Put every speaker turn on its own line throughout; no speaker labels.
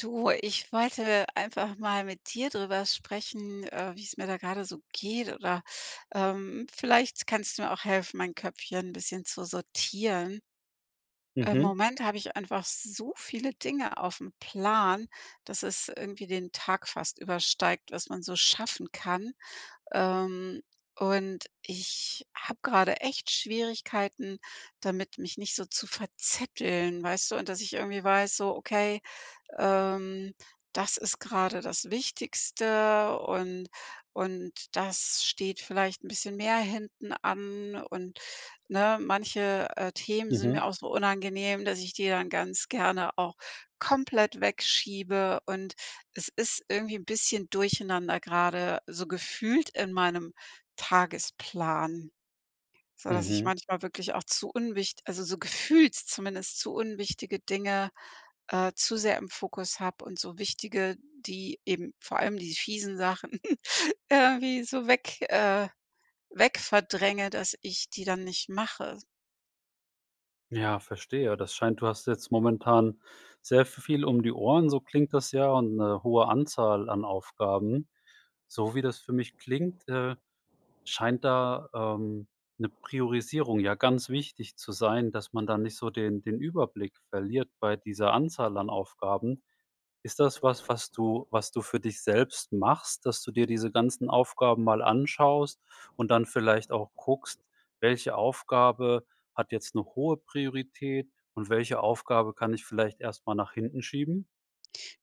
Du, ich wollte einfach mal mit dir drüber sprechen, äh, wie es mir da gerade so geht oder, ähm, vielleicht kannst du mir auch helfen mein Köpfchen bisschen zu sortieren. Im
Mhm.
Moment habe ich einfach so viele Dinge aufm Plan, dass es irgendwie den Tag fast übersteigt, was man so schaffen kann, ähm, und ich habe gerade echt Schwierigkeiten, damit mich nicht so zu verzetteln, weißt du? Und dass ich irgendwie weiß: „So, okay, ähm, das ist gerade das Wichtigste und und das steht vielleicht 'n bisschen mehr hinten an,“ und, ne? Manche, äh, Themen sind
Mhm.
mir auch so unangenehm, dass ich die dann ganz gerne auch komplett wegschiebe und es ist irgendwie 'n bisschen durcheinander gerade so gefühlt in meinem Tagesplan, sodass ich
Mhm.
manchmal wirklich auch zu unwicht also, so gefühlt zumindest zu unwichtige Dinge, äh, zu sehr im Fokus habe und so wichtige, die eben vor allem diese fiesen Sachen irgendwie so weg äh, weg verdränge, dass ich die dann nicht mache.
Ja, verstehe. Das scheint, du hast jetzt momentan sehr v viel um die Ohren, so klingt das ja und 'ne hohe Anzahl an Aufgaben. So wie das für mich klingt, äh, scheint da, ähm, 'ne Priorisierung ja ganz wichtig zu sein, dass man da nicht so den den Überblick verliert bei dieser Anzahl an Aufgaben. Ist das was, was du was du für dich selbst machst, dass du dir diese ganzen Aufgaben mal anschaust und dann vielleicht auch guckst, welche Aufgabe hat jetzt 'ne hohe Priorität und welche Aufgabe kann ich vielleicht erst mal nach hinten schieben?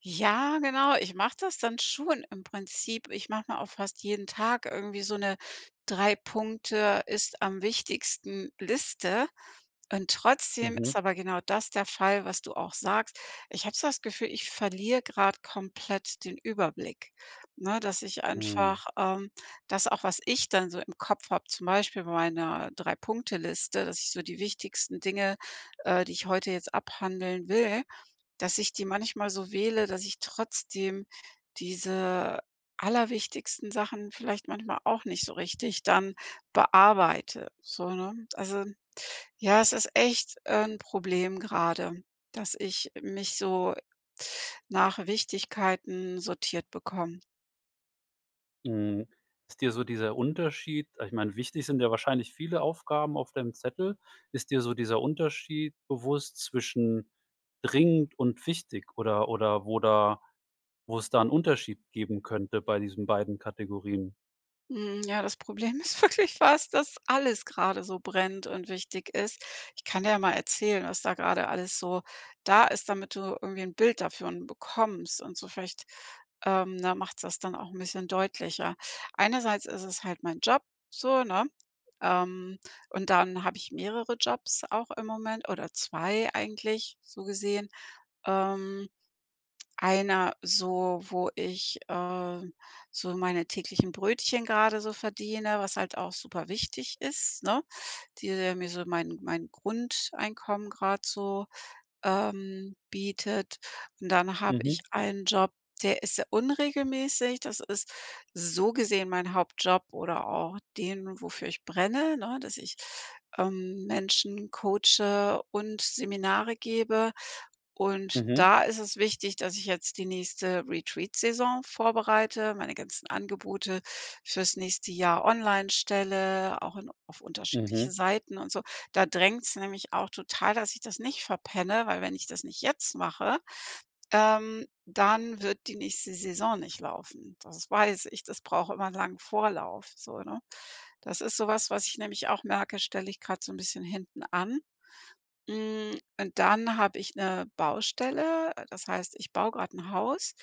Ja, genau, ich mache das dann schon im Prinzip. Ich mache mir auch fast jeden Tag irgendwie so 'ne 3- Punkte-ist-am-wichtigsten-Liste und trotzdem ist
Mhm.
aber genau das der Fall, was du auch sagst. Ich habe so das Gefühl, ich verliere grad komplett den Überblick, ne, dass ich
Mhm.
einfach ähm, dass auch was ich dann so im Kopf habe, zum Beispiel bei meiner 3- Punkte-Liste, dass ich so die wichtigsten Dinge, äh, die ich heute jetzt abhandeln will, dass ich die manchmal so wähle, dass ich trotzdem diese allerwichtigsten Sachen vielleicht manchmal auch nicht so richtig dann bearbeite, so, ne? Also, ja, es ist echt, äh, 'n Problem gerade, dass ich mich so nach Wichtigkeiten sortiert bekomme.
Mhm. Ist dir so dieser Unterschied ich meine, wichtig sind ja wahrscheinlich viele Aufgaben auf deinem Zettel. Ist dir so dieser Unterschied bewusst zwischen dringend und wichtig oder oder wo da wo es da 'n Unterschied geben könnte bei diesen beiden Kategorien?
Mhm. Ja, das Problem ist wirklich das, dass alles gerade so brennt und wichtig ist. Ich kann dir ja mal erzählen, was da gerade alles so da ist, damit du irgendwie 'n Bild davon bekommst und so vielleicht, ähm, da macht's das dann auch 'n bisschen deutlicher. Einerseits ist es halt mein Job so, ne, ähm, und dann habe ich mehrere Jobs auch im Moment oder 2 eigentlich so gesehen. Ähm. Einer so, wo ich, äh, so meine täglichen Brötchen gerade so verdiene, was halt auch superwichtig ist, ne, die mir so mein mein Grundeinkommen grad so, ähm, bietet und dann habe
Mhm.
ich einen Job, der ist sehr unregelmäßig. Das ist, so gesehen, mein Hauptjob oder auch den, wofür ich brenne, ne, dass ich, ähm, Menschen coache und Seminare gebe. Und
Mhm.
da ist es wichtig, dass ich jetzt die nächste Retreat-Saison vorbereite, meine ganzen Angebote fürs nächste Jahr online stelle, auch in auf unterschiedliche
Mhm.
Seiten und so. Da drängt's nämlich auch total, dass ich das nicht verpenne, weil wenn ich das nicht jetzt mache, ähm, dann wird die nächste Saison nicht laufen. Das weiß ich, das braucht immer lang Vorlauf so, ne? Das ist so was, was ich nämlich auch merke, das stelle ich grad so 'n bisschen hinten an. Hm, und dann habe ich 'ne Baustelle, äh, das heißt, ich baue grad 'n Haus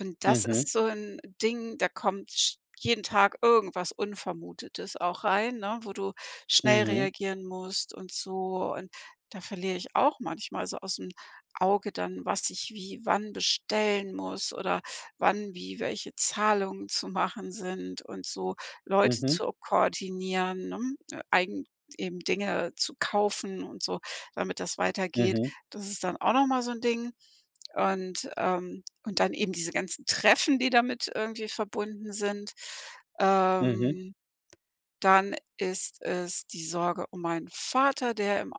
und das
Mhm.
ist so 'n Ding, da kommt sch jeden Tag irgendwas Unvermutetes auch rein, ne, wo du schnell
Mhm.
reagieren musst und so. Und da verliere ich auch manchmal so ausm Auge dann, was ich wie wann bestellen muss oder wann wie welche Zahlungen zu machen sind und so Leute
Mhm.
zu koordinieren, ne, eigen eben Dinge zu kaufen und so, damit das weitergeht.
Mhm.
Das ist dann auch noch mal so 'n Ding und, ähm und dann eben diese ganzen Treffen, die damit irgendwie verbunden sind.
Mhm.
Ähm. Dann ist es die Sorge um meinen Vater, der im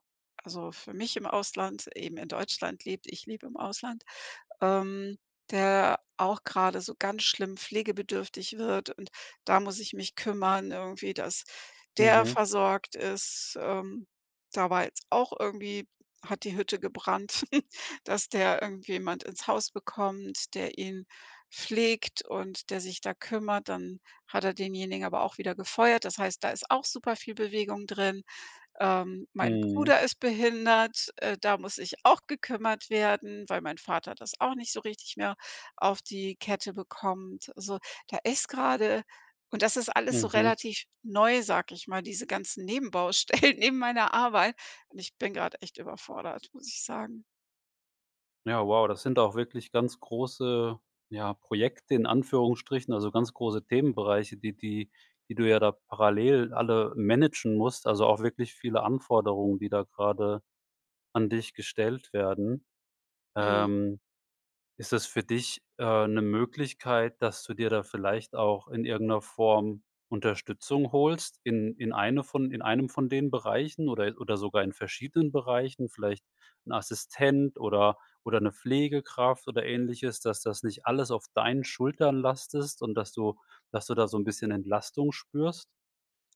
also, für mich im Ausland, eben in Deutschland lebt. Ich lebe im Ausland, ähm, der auch gerade so ganz schlimm pflegebedürftig wird und da muss ich mich kümmern irgendwie, dass der
Mhm.
versorgt ist, ähm. Da war jetzt auch irgendwie hat die Hütte gebrannt, dass der irgendjemand ins Haus bekommt, der ihn pflegt und der sich da kümmert, dann hat er denjenigen aber auch wieder gefeuert. Das heißt, da ist auch super viel Bewegung drin. Ähm, mein
Mhm.
Bruder ist behindert, äh, da muss sich auch gekümmert werden, weil mein Vater das auch nicht so richtig mehr auf die Kette bekommt. So, da ist gerade und das ist alles so
Mhm.
relativ neu, sage ich mal, diese ganzen Nebenbaustellen neben meiner Arbeit. Und ich bin grad echt überfordert, muss ich sagen.
Ja, wow, das sind auch wirklich ganz große, ja, Projekte in Anführungsstrichen, also, ganz große Themenbereiche, die die die du ja da parallel alle managen musst, also, auch wirklich viele Anforderungen, die da grade an dich gestellt werden.
Mhm.
Ähm, ist das für dich, äh, 'ne Möglichkeit, dass du dir da vielleicht auch in irgend 'ner Form Unterstützung holst in in eine von in einem von den Bereichen oder oder sogar in verschiedenen Bereichen, vielleicht 'n Assistent oder oder 'ne Pflegekraft oder Ähnliches, dass das nicht alles auf deinen Schultern lastest und dass du dass du da so 'n bisschen Entlastung spürst?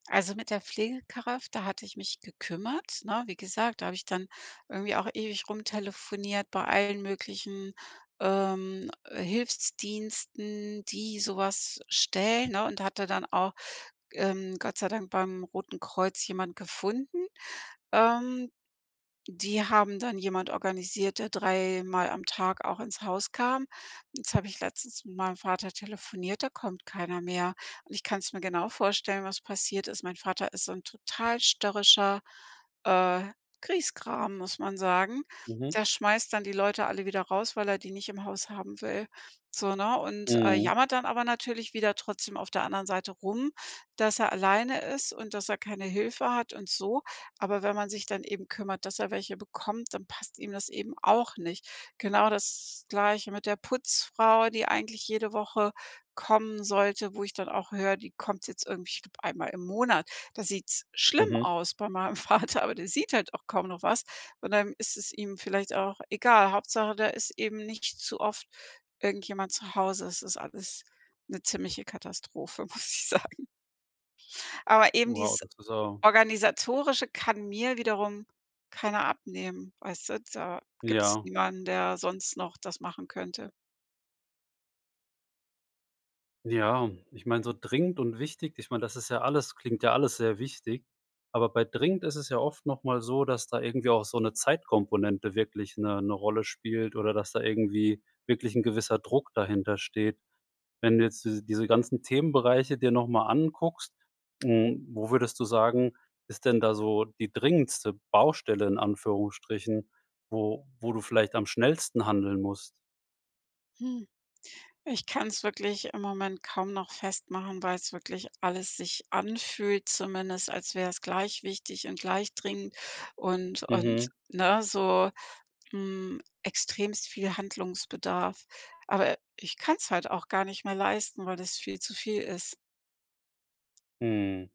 Also, mit der Pflegekraft, da hatte ich mich gekümmert, ne? Wie gesagt, da habe ich dann irgendwie auch ewig rumtelefoniert bei allen möglichen, ähm, äh, Hilfsdiensten, die sowas stellen, ne und hatte dann auch, ähm, Gott sei Dank beim Roten Kreuz jemand gefunden. Ähm, die haben dann jemand organisiert, der dreimal am Tag auch ins Haus kam. Jetzt habe ich letztens mit meinem Vater telefoniert, da kommt keiner mehr und ich kann's mir genau vorstellen, was passiert ist. Mein Vater ist so 'n total störrischer, äh, Grieskram, muss man sagen.
Mhm.
Der schmeißt dann die Leute alle wieder raus, weil er die nicht im Haus haben will, so, ne und, äh,
Mhm.
jammert dann aber natürlich wieder trotzdem auf der anderen Seite rum, dass er alleine ist und dass er keine Hilfe hat und so, aber wenn man sich dann eben kümmert, dass er welche bekommt, dann passt ihm das eben auch nicht. Genau das Gleiche mit der Putzfrau, die eigentlich jede Woche kommen sollte, wo ich dann auch höre, die kommt jetzt irgendwie ich glaube einmal im Monat. Da sieht's schlimm
Mhm.
aus bei meinem Vater, aber der sieht halt auch kaum noch was und dann ist es ihm vielleicht auch egal. Hauptsache, da ist eben nicht zu oft irgendjemand zu Hause. Es ist alles 'ne ziemliche Katastrophe, muss ich sagen. Aber eben
Wow,
dieses
das ist aber
Organisatorische kann mir wiederum keiner abnehmen, weißt du, da gibt's
Ja.
niemanden, der sonst noch das machen könnte.
Ja, ich meine, so dringend und wichtig ich meine, das ist ja alles klingt ja alles sehr wichtig, aber bei dringend ist es ja oft noch mal so, dass da irgendwie auch so 'ne Zeitkomponente wirklich 'ne 'ne Rolle spielt oder dass da irgendwie wirklich 'n gewisser Druck dahintersteht. Wenn du jetzt diese diese ganzen Themenbereiche dir noch mal anguckst, hm, wo würdest du sagen, ist denn da so die dringendste Baustelle in Anführungsstrichen, wo wo du vielleicht am schnellsten handeln musst?
Hm, ich kann's wirklich im Moment kaum noch festmachen, weil's wirklich alles sich anfühlt, zumindest als wäre es gleich wichtig und gleich dringend und und,
Mhm.
ne, so hm, extremst viel Handlungsbedarf. Aber ich kann's halt auch gar nicht mehr leisten, weil das viel zu viel ist.
Mhm.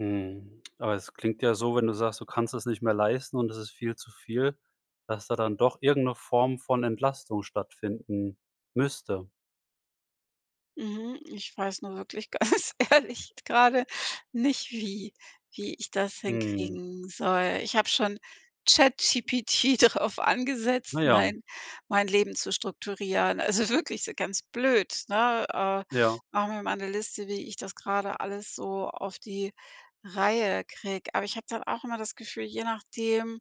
Mhm, aber das klingt ja so, wenn du sagst, du kannst es nicht mehr leisten und es ist viel zu viel, dass da dann doch irgend 'ne Form von Entlastung stattfinden müsste.
Mhm. Ich weiß nur wirklich ganz ehrlich, gerade nicht wie wie ich das
Mhm.
hinkriegen soll. Ich habe schon ChatGPT drauf
Na
angesetzt,
ja.
mein mein Leben zu strukturieren. Also, wirklich so ganz blöd, ne, äh:
Ja.
„Mach mir mal 'ne Liste, wie ich das gerade alles so auf die Reihe kriege.“ Aber ich habe dann auch immer das Gefühl, je nachdem,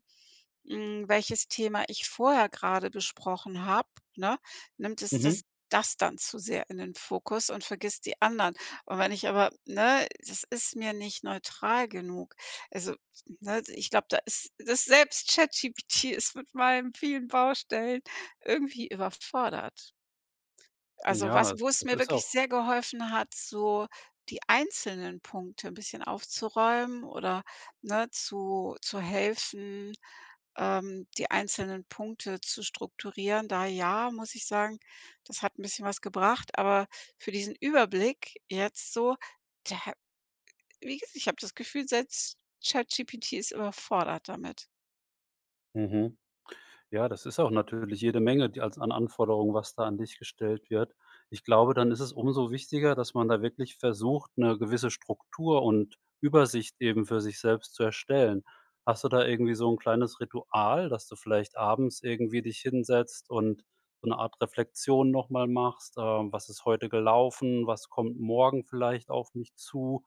hm, welches Thema ich vorher gerade besprochen habe, ne, nimmt es das
Mhm.
das dann zu sehr in den Fokus und vergisst die anderen. Und wenn ich aber, ne, das ist mir nicht neutral genug. Also, ne, ich glaube da ist dass selbst ChatGPT ist mit meinen vielen Baustellen irgendwie überfordert. Also, was
Ja,
wo es
das
mir
ist
wirklich
auch
sehr geholfen hat, so die einzelnen Punkte 'n bisschen aufzuräumen oder ne zu zu helfen, ähm, die einzelnen Punkte zu strukturieren. Da ja, muss ich sagen, das hat 'n bisschen was gebracht, aber für diesen Überblick jetzt so, da wie gesagt, ich habe das Gefühl selbst ChatGPT ist überfordert damit.
Mhm. Ja, das ist auch natürlich jede Menge, die als an Anforderungen, was da an dich gestellt wird. Ich glaube, dann ist es umso wichtiger, dass man da wirklich versucht, 'ne gewisse Struktur und Übersicht eben für sich selbst zu erstellen. Hast du da irgendwie so 'n kleines Ritual, dass du vielleicht abends irgendwie dich hinsetzt und so 'ne Art Reflexion nochmal machst, ähm, was ist heute gelaufen, was kommt morgen vielleicht auf mich zu?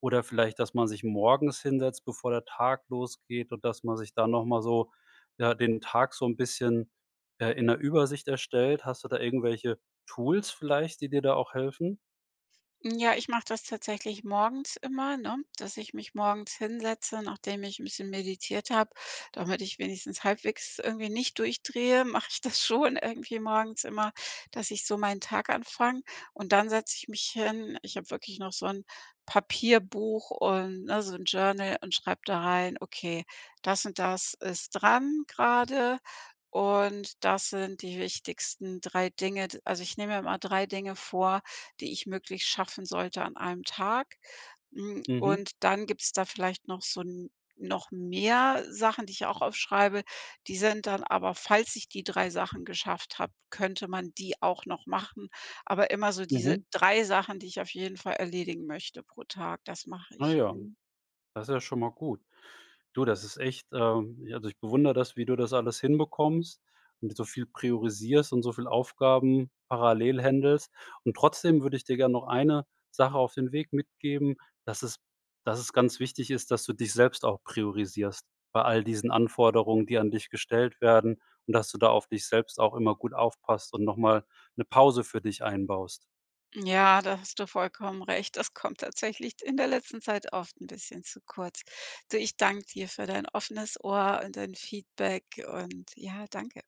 Oder vielleicht, dass man sich morgens hinsetzt, bevor der Tag losgeht, und dass man sich da noch mal so, ja, den Tag so 'n bisschen, äh, in 'ner Übersicht erstellt. Hast du da irgendwelche Tools vielleicht, die dir da auch helfen?
Hm, ja, ich mache das tatsächlich morgens immer, ne, dass ich mich morgens hinsetze, nachdem ich 'n bisschen meditiert habe, damit ich wenigstens halbwegs irgendwie nicht durchdrehe, mache ich das schon irgendwie morgens immer, dass ich so meinen Tag anfange und dann setze ich mich hin. Ich habe wirklich noch so 'n Papierbuch und ne, so 'n Journal und schreibe da rein: „Okay, das und das ist dran gerade und das sind die wichtigsten 3 Dinge.“ D also, ich nehme mir immer 3 Dinge vor, die ich möglichst schaffen sollte an einem Tag, hm,
Mhm.
und dann gibt's da vielleicht noch so 'n noch mehr Sachen, die ich auch aufschreibe. Die sind dann aber, falls ich die 3 Sachen geschafft habe, könnte man die auch noch machen. Aber immer so diese
Mhm.
3 Sachen, die ich auf jeden Fall erledigen möchte pro Tag, das mache
Ah,
ich.
ja,
Mhm.
das ist ja schon mal gut. Du, das ist echt, ähm ja, also, ich bewundere das, wie du das alles hinbekommst, mit so viel priorisierst und so viel Aufgaben parallel händelst. Und trotzdem würde ich dir gern noch eine Sache auf den Weg mitgeben, dass es dass es ganz wichtig ist, dass du dich selbst auch priorisierst bei all diesen Anforderungen, die an dich gestellt werden, und dass du da auf dich selbst auch immer gut aufpasst und noch mal 'ne Pause für dich einbaust.
Ja, da hast du vollkommen recht. Das kommt tatsächlich d in der letzten Zeit oft 'n bisschen zu kurz. Du, ich danke dir für dein offenes Ohr und dein Feedback und ja danke.